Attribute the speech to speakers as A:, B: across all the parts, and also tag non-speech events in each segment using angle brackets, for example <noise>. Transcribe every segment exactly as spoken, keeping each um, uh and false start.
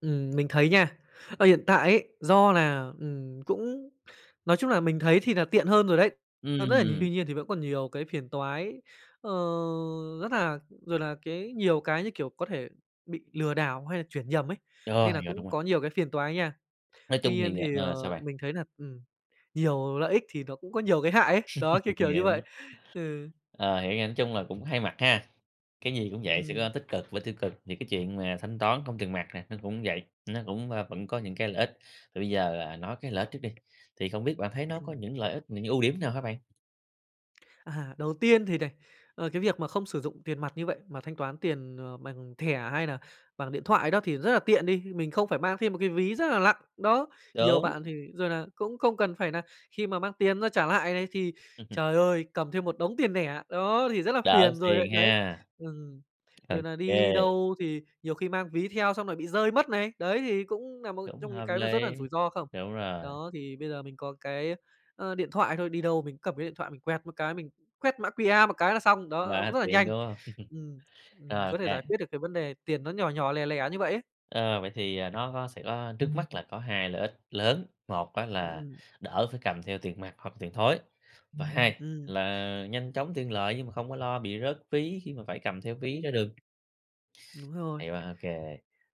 A: Ừm, mình thấy nha, ở hiện tại ấy do là, ừm, cũng nói chung là mình thấy thì nà tiện hơn rồi đấy, hơn rất là
B: Ừm.
A: tuy nhiên thì vẫn còn nhiều cái phiền toái, ờ, rất là rồi là cái nhiều cái, như kiểu, có thể bị lừa đảo hay là chuyển nhầm ấy,
B: Rồi,
A: nên nà
B: yeah, đúng
A: cũng
B: rồi.
A: có nhiều cái phiền toái nha.
B: Nói chung
A: Tuy nhiên
B: thì
A: thì,
B: ờ, sao
A: ờ,
B: bạn?
A: mình thấy nà ừm, nhiều lợi ích thì nó cũng có nhiều cái hại ấy, đó, kiểu,
B: <laughs>
A: kiểu như
B: Yeah.
A: vậy, ừ.
B: Ờ, hiểu nha, nói chung là cũng hai mặt ha, cái gì cũng vậy sẽ
A: Ừm.
B: có tích cực và tiêu cực, thì cái chuyện mà thanh toán không tiền mặt này nó cũng vậy, nó cũng, à, vẫn có những cái lợi ích. Thì bây giờ, à, nói cái lợi ích trước đi, thì không biết bạn thấy nó có
A: Ừm.
B: những lợi ích, những ưu điểm nào hả bạn?
A: À, đầu tiên thì này, ờ, cái việc mà không sử dụng tiền mặt như vậy mà thanh toán tiền, à, bằng thẻ hay nà bằng điện thoại đó thì rất là tiện đi, mình không phải mang thêm một cái ví rất là lặng, đó. Nhiều
B: Đúng.
A: bạn thì, rồi nà, cũng không cần phải nà khi mà mang tiền ra trả lại lày thì,
B: Ừm hừm.
A: trời ơi, cầm thêm một đống tiền nẻ, đó, thì rất là
B: Đỡ
A: phiền rồi lại,
B: phiền
A: đấy
B: ha?
A: ừm,
B: Ô
A: rồi nà
B: kê.
A: đi đâu thì nhiều khi mang ví theo xong rồi bị rơi mất này, đấy, thì cũng nà một
B: Cũng
A: trong những
B: hợp
A: cái nó
B: lý.
A: rất là rủi ro không?
B: Đúng rồi.
A: Đó, thì bây giờ mình có cái, ờ, điện thoại thôi, đi đâu mình cũng cầm cái điện thoại mình quẹt một cái, mình quét mã Q-R một cái là xong, đó, cũng
B: Quá
A: rất là
B: tiện,
A: nhanh.
B: đúng hông?
A: Ừm,
B: <laughs>
A: ừm,
B: Rồi, ô
A: có thể
B: kê.
A: giải quyết được cái vấn đề tiền nó nhỏ nhỏ, lẻ lẻ như vậy ấy.
B: Ờ, vậy thì, ờ, nó có sẽ có trước mắt là có hai lợi ích lớn, một á
A: Ừm,
B: là
A: ừm.
B: đỡ phải cầm theo tiền mặt hoặc tiền thối, và hai
A: Ừm.
B: là nhanh chóng tiện lợi nhưng mà không có lo bị rớt ví khi mà phải cầm theo ví ra đường
A: Đúng rồi.
B: Hay quá, OK.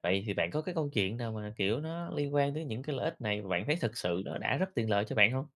B: Vậy thì bạn có cái câu chuyện nào mà, kiểu, nó liên quan tới những cái lợi ích này mà bạn thấy thật sự nó đã rất tiện lợi cho bạn hông?